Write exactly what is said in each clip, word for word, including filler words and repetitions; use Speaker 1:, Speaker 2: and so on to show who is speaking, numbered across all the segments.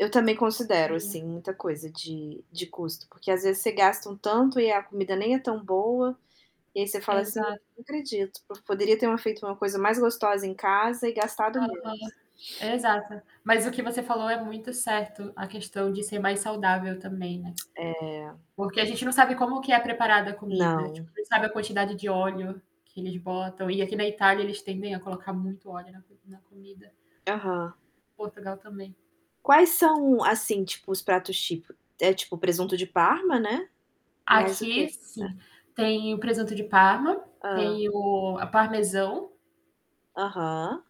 Speaker 1: Eu também considero,
Speaker 2: E
Speaker 1: assim, muita coisa de de custo, porque às vezes você gasta um
Speaker 2: [unintelligible]
Speaker 1: tanto, e a comida nem é tão boa. E aí você fala assim:
Speaker 2: Exato.
Speaker 1: "Não acredito, p poderia temo feito uma coisa mais gostosa em casa, e gastado menos.
Speaker 2: Aham, exata. Mas o que você falou é muito certo, a questão de ser mais saudável também, né.
Speaker 1: É.
Speaker 2: Porque a gente não sabe como que é preparada a comida, tipo,
Speaker 1: Não.
Speaker 2: não sabe a quantidade de óleo que eles botam, e aqui na Itália eles tendem a colocar muito óleo na comi na comida.
Speaker 1: Aham.
Speaker 2: Portugal também.
Speaker 1: Quais são, assim, tipo, os pratos tipíco é tipo, presunto de parma, né? Mais o quê?
Speaker 2: Aqui,
Speaker 1: É
Speaker 2: sim. Tem o presunto de parma,
Speaker 1: Hã.
Speaker 2: tem o ah, parmesão.
Speaker 1: Aham.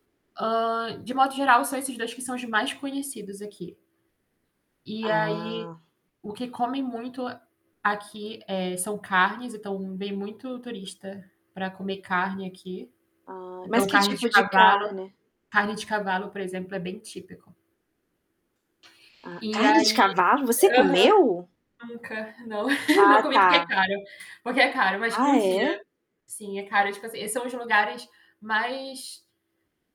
Speaker 2: Hã, de modo geral são esses dois que são os mais conhecidos aqui. E aí,
Speaker 1: Ah.
Speaker 2: o que comem muito a aqui, eh, são carnes, então vem muito turista pra comer carne aqui.
Speaker 1: Ah, mas
Speaker 2: Então
Speaker 1: que
Speaker 2: carne de
Speaker 1: tipo de
Speaker 2: cavalo
Speaker 1: carne?
Speaker 2: carne de cavalo, por exemplo, é bem típico.
Speaker 1: Ah
Speaker 2: E
Speaker 1: carne de
Speaker 2: aí
Speaker 1: cavalo? Você
Speaker 2: aham
Speaker 1: comeu?
Speaker 2: nunca, não, não
Speaker 1: Ah
Speaker 2: comi porque é
Speaker 1: tá.
Speaker 2: caro. Porque é caro, mas
Speaker 1: Ah
Speaker 2: um
Speaker 1: é?
Speaker 2: dia. Sim, é caro, tipo assim, são uns lugares mais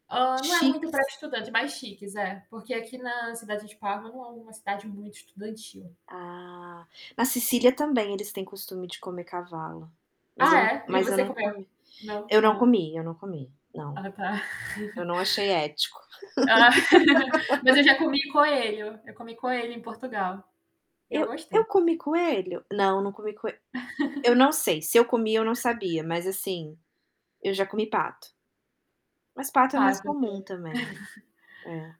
Speaker 2: hã, não é muito pra
Speaker 1: Chiques.
Speaker 2: estudante mais chiques, é. Porque aqui na cidade de Parma, não é uma cidade muito estudantil.
Speaker 1: Ah. Na Sícilia também, eles têm costume de comer cavalo. Mas
Speaker 2: Ah
Speaker 1: eu não
Speaker 2: é? E
Speaker 1: mas eu
Speaker 2: você
Speaker 1: não
Speaker 2: comeu?
Speaker 1: comi,
Speaker 2: Não?
Speaker 1: eu não
Speaker 2: Ah.
Speaker 1: comi, eu não comi, não.
Speaker 2: Ah tá.
Speaker 1: Eu não achei ético.
Speaker 2: Ah. Mas eu já comi coelho. Eu comi coelho em Portugal, e eu
Speaker 1: Eu
Speaker 2: gostei.
Speaker 1: eu comi coelho? Não, não comi coe eu não sei, se eu comi, eu não sabia, mas assim, eu já comi pato. Mas pato é mais
Speaker 2: Pato, que é
Speaker 1: comum também. É.